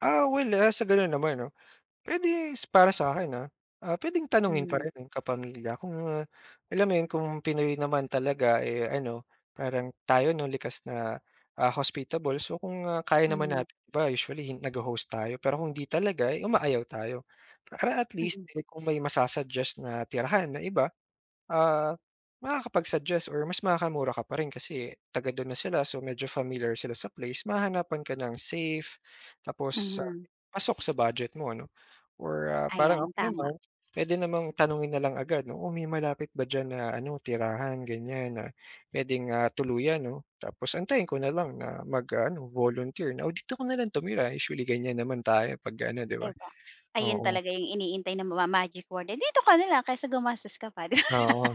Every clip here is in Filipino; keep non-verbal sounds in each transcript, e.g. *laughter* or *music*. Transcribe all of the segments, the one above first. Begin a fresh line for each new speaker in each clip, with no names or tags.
Ah, well, ah, sa ganun naman 'no, pwede para sakin, ah ah, pwedeng tanungin pa
Mm.
rin eh. Kapamilya, kung ah, alam mo yun kung Pinoy naman talaga eh, ano, parang tayo, 'no? Likas na ah, hospitable. So, kung ah, kaya naman
Mhm.
natin, iba usually nagho-host tayo. Pero kung hindi talaga, eh, umayaw tayo. Para at least
Mm.
eh, kung may ma-susuggest na tirahan ng iba. Ah, makakapag-suggest or mas makakamura ka pa rin kasi taga-dun na sila, so medyo familiar sila sa place, mahanapan ka ng safe tapos ah,
Mhm.
pasok sa budget mo, ano? Or ah, parang
Ayan,
ako
tama.
naman, pwede namang tanungin na lang agad, 'no? Oh, may malapit ba diyan na ano tirahan ganyan na pwede nga tuluyan no, tapos antayin ko na lang na mag-aano volunteer na, O, dito ka na lang tumira. Usually ganyan naman tayo pag ano, 'di ba?
'Di ba, ayun
Oo.
talaga yung iniintay ng ma-magic word? Dito ka na lang, kaysa gumastos ka pa, di ba?
Oo.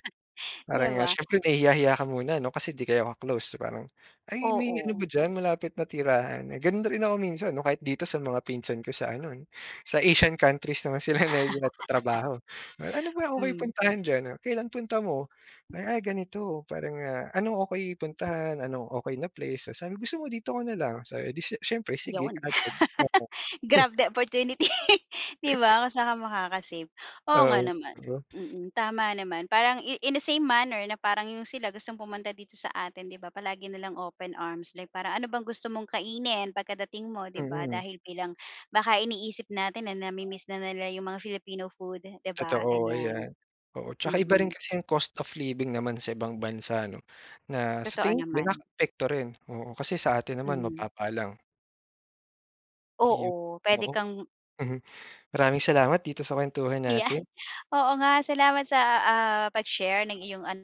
'Di
Parang, ah,
ba?
siyempre nahihiya-hiya ka muna no kasi 'di kayo ka-close. Parang, Ay, may ano ba
Oo.
diyan, malapit na tirahan? Eh, ganun na rin ako minsan no kahit dito sa mga pinsan ko sa ano, sa Asian countries naman sila na
*laughs*
nagtatrabaho. Ano ba okay
Hmm.
puntahan diyan? Kailan punta mo? Ay, ganito. Para ah, ano, Okeey puntahan, ano okay na place sa gusto mo? Dito ka na lang sa 'di s siyempre, sige
'Yon.
agad. Oo.
*laughs*
Hmm.
Grab the opportunity, *laughs* 'di ba, kung saan ka makaka-save? Oo nga
Oo,
naman,
o.
mm tama naman. Parang in in the same manner na parang 'yong sila gustong pumunta dito sa atin, 'di ba? Palagi na lang open arms like para, Ano bang gusto mong kainin pagkadating mo? 'Di ba?
Mm.
Dahil bilang, baka iniisip natin na namimiss na nila 'yong mga Filipino food, 'di ba?
Totoo
Ganyan.
ayan, oo. Saka iba rin
Mm.
kasi yung cost of living naman sa ibang bansa no, na sa
Totoo
tingin ko
naman.
nakaka-apekto rin, oo. Kasi sa atin naman,
Mhm.
mababa lang. Iyon
Oo, pwede
oo.
kang
Mhm, maraming salamat dito sa kwentuhan
Yan
natin.
oo nga, salamat sa, ah, pag-share ng iyong an